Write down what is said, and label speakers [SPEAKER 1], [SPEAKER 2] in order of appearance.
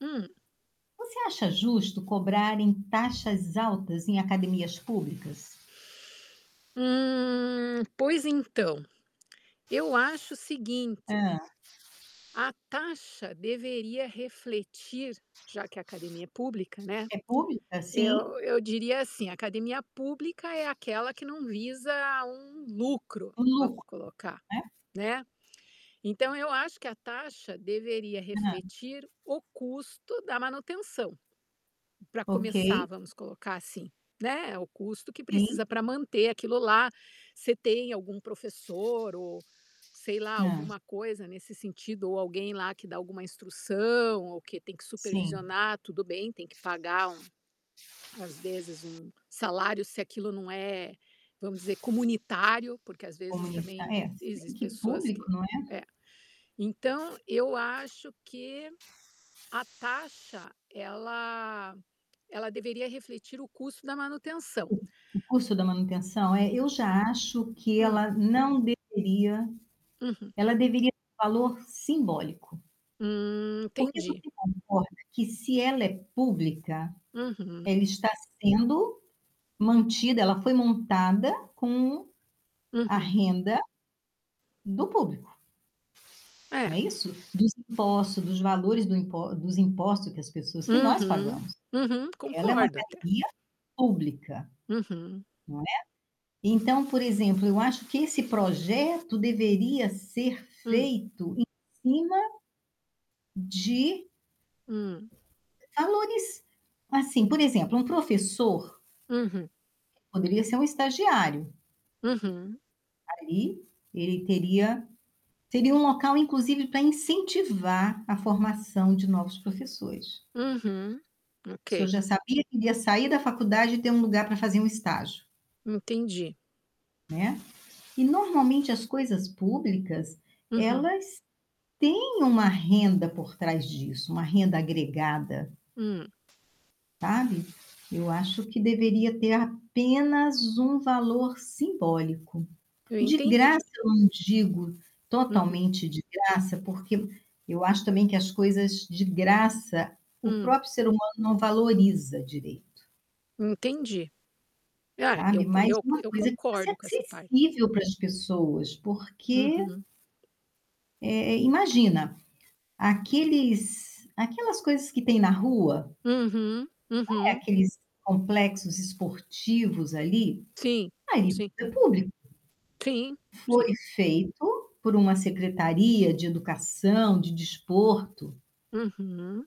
[SPEAKER 1] Hum.
[SPEAKER 2] Você acha justo cobrarem taxas altas em academias públicas?
[SPEAKER 1] Hum, pois então. Eu acho o seguinte
[SPEAKER 2] Hã.
[SPEAKER 1] a taxa deveria refletir, já que a academia é pública, né,
[SPEAKER 2] É pública,
[SPEAKER 1] eu
[SPEAKER 2] sim?
[SPEAKER 1] eu diria assim, a academia pública é aquela que não visa um lucro,
[SPEAKER 2] O
[SPEAKER 1] vamos
[SPEAKER 2] lucro,
[SPEAKER 1] colocar,
[SPEAKER 2] né?
[SPEAKER 1] né, então eu acho que a taxa deveria
[SPEAKER 2] Hã.
[SPEAKER 1] refletir o custo da manutenção. Para começar
[SPEAKER 2] Ok.
[SPEAKER 1] vamos colocar assim, né o custo que
[SPEAKER 2] Sim.
[SPEAKER 1] precisa para manter aquilo lá, você tem algum professor ou, sei lá,
[SPEAKER 2] Hã.
[SPEAKER 1] alguma coisa nesse sentido ou alguém lá que dá alguma instrução ou que tem que
[SPEAKER 2] Sim.
[SPEAKER 1] supervisionar, tudo bem, tem que pagar um às vezes, um salário, se aquilo, né, vamos dizer comunitário, porque, às vezes,
[SPEAKER 2] Comunitá
[SPEAKER 1] também
[SPEAKER 2] eh, se bem
[SPEAKER 1] existe
[SPEAKER 2] que
[SPEAKER 1] pessoas que
[SPEAKER 2] público, não é.
[SPEAKER 1] Ée, então eu acho que a taxa ela ela deveria refletir o custo da manutenção.
[SPEAKER 2] Sim, o custo da manutenção.
[SPEAKER 1] E
[SPEAKER 2] Eh,
[SPEAKER 1] e
[SPEAKER 2] eu já acho que
[SPEAKER 1] Hum.
[SPEAKER 2] ela não deveria
[SPEAKER 1] Uhum.
[SPEAKER 2] ela deveria valor simbólico.
[SPEAKER 1] Hum,
[SPEAKER 2] Porque
[SPEAKER 1] entendi.
[SPEAKER 2] você concorda que se ela é pública,
[SPEAKER 1] Uhum.
[SPEAKER 2] ela está sendo mantida, ela foi montada com a
[SPEAKER 1] Uhum.
[SPEAKER 2] renda do público. Não
[SPEAKER 1] É.
[SPEAKER 2] é isso? Dos impostos, dos valores do impo dos impostos que as pessoas que nós
[SPEAKER 1] Uhum,
[SPEAKER 2] pagamos,
[SPEAKER 1] uhum.
[SPEAKER 2] ela é uma
[SPEAKER 1] Concordo até.
[SPEAKER 2] academia pública,
[SPEAKER 1] Uhum.
[SPEAKER 2] não é? Então, por exemplo, eu acho que esse projeto deveria ser
[SPEAKER 1] Hum.
[SPEAKER 2] feito em cima de
[SPEAKER 1] Hum.
[SPEAKER 2] valores, assim, por exemplo, um professor
[SPEAKER 1] Uhum.
[SPEAKER 2] poderia ser um estagiário.
[SPEAKER 1] Uhum.
[SPEAKER 2] Ali, ele teria teria um local, inclusive, para incentivar a formação de novos professores.
[SPEAKER 1] Uhum.
[SPEAKER 2] sor
[SPEAKER 1] Ok.
[SPEAKER 2] já sabia que iria sair da faculdade e ter um lugar para fazer um estágio.
[SPEAKER 1] Entendi.
[SPEAKER 2] Né. E, normalmente, as coisas públicas,
[SPEAKER 1] Uhum.
[SPEAKER 2] elas têm uma renda por trás disso, uma renda agregada.
[SPEAKER 1] Hum.
[SPEAKER 2] Sabe, eu acho que deveria ter apenas um valor simbólico,
[SPEAKER 1] Eu
[SPEAKER 2] de
[SPEAKER 1] entendi.
[SPEAKER 2] graça, eu não digo,
[SPEAKER 1] Uhum.
[SPEAKER 2] totalmente de graça, porque eu acho também que as coisas de graça, o
[SPEAKER 1] Hum.
[SPEAKER 2] próprio ser humano não valoriza direito
[SPEAKER 1] Entendi. Ah, eu
[SPEAKER 2] sabe, mais
[SPEAKER 1] eu
[SPEAKER 2] uma
[SPEAKER 1] eu
[SPEAKER 2] coisa, que você é
[SPEAKER 1] concordo com essa parte.
[SPEAKER 2] sensível para as pessoas, porque
[SPEAKER 1] Uhum.
[SPEAKER 2] eh eh imagina, aqueles aquelas coisas que tem na rua
[SPEAKER 1] Uhum,
[SPEAKER 2] é,
[SPEAKER 1] uhum.
[SPEAKER 2] aqueles complexos esportivos ali,
[SPEAKER 1] Sim,
[SPEAKER 2] aí
[SPEAKER 1] sim.
[SPEAKER 2] é público.
[SPEAKER 1] Sim,
[SPEAKER 2] Foi
[SPEAKER 1] sim.
[SPEAKER 2] feito por uma secretaria de educação, de desporto.
[SPEAKER 1] Uhum.